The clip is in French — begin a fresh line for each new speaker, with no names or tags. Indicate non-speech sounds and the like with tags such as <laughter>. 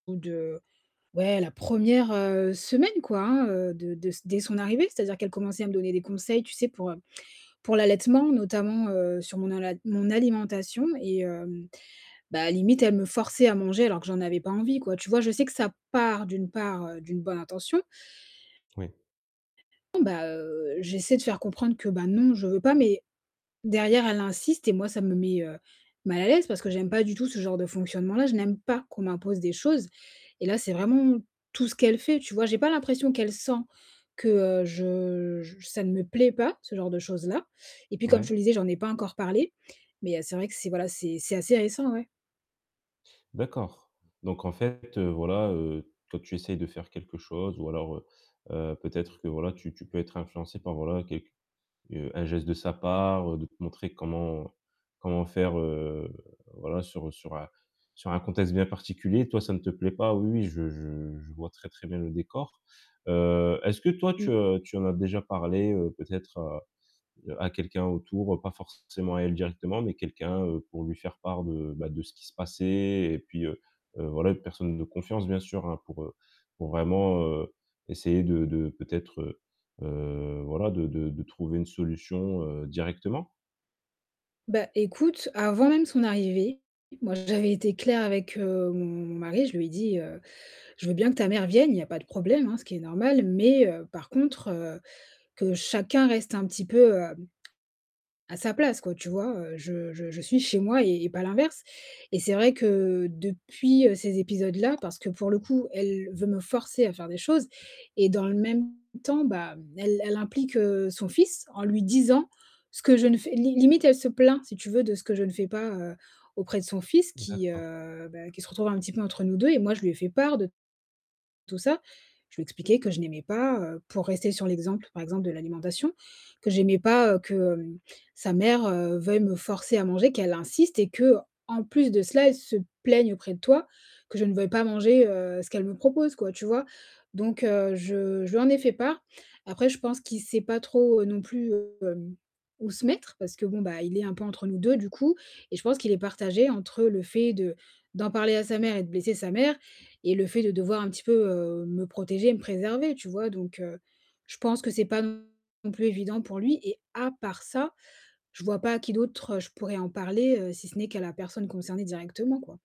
Ou de ouais, la 1re, heu, semaine, quoi, hein, de de dès son arrivée. C'est-à-dire qu'elle commençait à me donner des conseils, tu sais, pour, heu, pour l'allaitement, notamment, heu, sur mon alom mon alimentation, et hem, ben limite, elle me forçait à manger, alors que j'en avais pas envie, quoi. Tu vois? Je sais que ça part d'une part d'une bonne intention
Oui.
Ben, heu, j'essaie de faire comprendre que ben, non, je veux pas, mais derrière, elle insiste et moi, ça me met, heu, mal à l'aise parce que j'aime pas du tout ce genre de fonctionnement-là, je n'aime pas qu'on m'impose des choses et là, c'est vraiment tout ce qu'elle fait, tu vois? J'ai pas l'impression qu'elle sent, que je je ça ne me plaît pas, ce genre de choses-là et puis comme je
Ouais.
te le disais, j'en ai pas encore parlé, mais heu, c'est vrai que c'est, voilà, c'est c'est assez récent ouais.
D'accord, donc en fait, heu, voilà, heu, toi tu essayes de faire quelque chose ou alors, heu heu, peut-être que, voilà, tu tu peux être influencée par, voilà, quelque heu, un geste de sa part, de te montrer comment comment faire, heu, voilà, sur sur un sur un contexte bien particulier. Toi, ça ne te plaît pas, oui, oui, je je je vois très, très bien le décor. Heu, est-ce que toi, tu,
Mmh.
heu, tu en as déjà parlé, heu, peut-être à à quelqu'un, autour, pas forcément à elle directement, mais quelqu'un, heu, pour lui faire part de, bah, de ce qui se passait et puis, heu heu, voilà une personne de confiance, bien sûr, heu, pour pour vraiment, heu, essayer de de peut-être, heu heu, voilà, de de de trouver une solution, heu, directement?
Ben, écoute, avant même son arrivée, moi, j'avais été claire avec, heu, mon mari, je lui ai dit, heu: «Je veux bien que ta mère vienne, il y a pas de problème, hein, ce qui est normal, mais heu, par contre, heu, que chacun reste un petit peu, heu, à sa place, quoi», tu vois? Heu, je je je suis chez moi et et pas l'inverse et c'est vrai que depuis, heu, ces épisodes-là parce que pour le coup, elle
<unintelligible>
veut me forcer à faire des choses et dans le même temps, ben, elle elle implique son fils, en lui disant ce que je ne fais limite, elle se plaint, si tu veux, de ce que je ne fais pas, heu, auprès de son fils,
Mmh,
qui,
d'accord.
heu, ben qui se retrouve un petit peu entre nous 2 et moi je lui ai fait part de tout ça. Je lui expliqué que je n'aimais pas heu pour rester sur l'exemple, par exemple de l'alimentation, que j'aimais pas, que, heu, sa mère veuille me forcer à manger, qu'elle insiste et qu'en plus de cela, elle se plaigne auprès de toi, que je ne veuille pas manger, heu, ce qu'elle me propose, quoi, tu vois? Donc heu, je je lui en ai fait part. Après, je pense qu'il sait pas trop, non plus, hem, où se mettre, parce que bon, bah, il est un peu entre nous 2, du coup, et je pense qu'il est partagé entre le fait de d'en parler à sa mère et de blesser sa mère et le fait de devoir un petit peu, heu, me protéger, me préserver, tu vois? Donc heu, je pense que c'est pas non plus évident pour lui et à part ça, je vois pas à qui d'autre, heu, je pourrais en parler, si ce n'est qu'à la personne concernée directement, quoi.